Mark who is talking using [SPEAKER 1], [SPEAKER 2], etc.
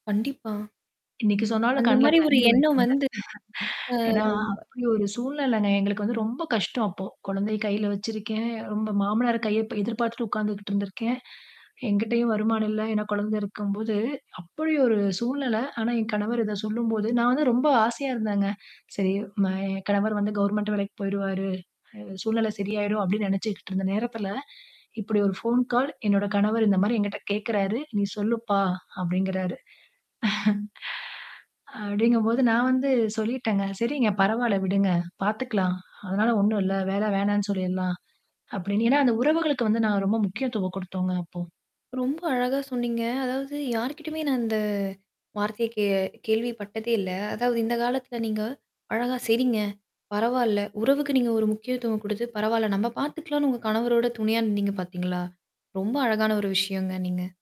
[SPEAKER 1] கண்டிப்பா.
[SPEAKER 2] இன்னைக்கு சொன்னாலும்
[SPEAKER 1] அந்த
[SPEAKER 2] கண்ணுல
[SPEAKER 1] மாரி ஒரு
[SPEAKER 2] தண்ணீ
[SPEAKER 1] எண்ணம்
[SPEAKER 2] வருதுங்க.
[SPEAKER 1] வந்து. அ,
[SPEAKER 2] ஏன்னா
[SPEAKER 1] ம், வ
[SPEAKER 2] அப்படி ஒரு சூழ்நிலைங்க. எங்களுக்கு வந்து ரொம்ப கஷ்டம் அப்போ, குழந்தைய கையில வச்சிருக்கேன் ரொம்ப மாமனார் கைய அப்ப எதிர்பார்த்துட்டு உக்காந்துகிட்டு இருந்திருக்கேன். என்கிட்டேயும் வருமானம் இல்ல, ஏன்னா குழந்தை இருக்கும்போது, அப்படி ஒரு சூழ்நிலை, ஆனா என் கணவர் இத சொல்லும்போது நான் வந்து ரொம்ப ஆசையா இருந்தேங்க. சரி ம என் கணவர் வந்து கவர்ன்மென்ட் வேலைக்கு போயுருவாறு அ சூழ்நில சரியாயிரும். அப்படின்னு நெனைச்சிக்ட்டு இருந்த நேரத்தில, இப்படி ஒரு ஃபோன் கால் என்னோட கணவர் இந்த மாரி என்கிட்ட கேக்கிறாரு "நீ சொல்லுப்பா" அப்படிங்கிறார் அப்டிங்கும் போது நான் வந்து சொல்லிட்டேங்க. "சரிங்க, பரவாயில்ல விடுங்க, பார்த்துக்கலாம். அதனால ஒண்ணும் இல்ல, வேலை வேணான்னு சொல்லிர்றலாம்" அப்டின்னு ஏன்னா அந்த உறவுகளுக்கு வந்து நான் ரொம்ப முக்கியத்துவம் குடுத்தோம்ங்க அப்போ.
[SPEAKER 1] ரொம்ப அழகா சொன்னீங்க. அதாவது, யார்கிட்டேயுமே நான் இந்த வார்த்தைய கே கேள்விப்பட்டதே இல்ல. அதாவது இந்த காலத்தில நீங்க அழகா, "சரிங்க, பரவால்ல" உறவுக்கு நீங்க ஒரு முக்கியத்துவம் குடுத்து, பரவால்ல நம்ம பாத்துக்கலாம்ன்னு உங்க கணவரோட துணையா நின்னீங்க பாத்தீங்களா? ரொம்ப அழகான ஒரு விஷயங்க, நீங்க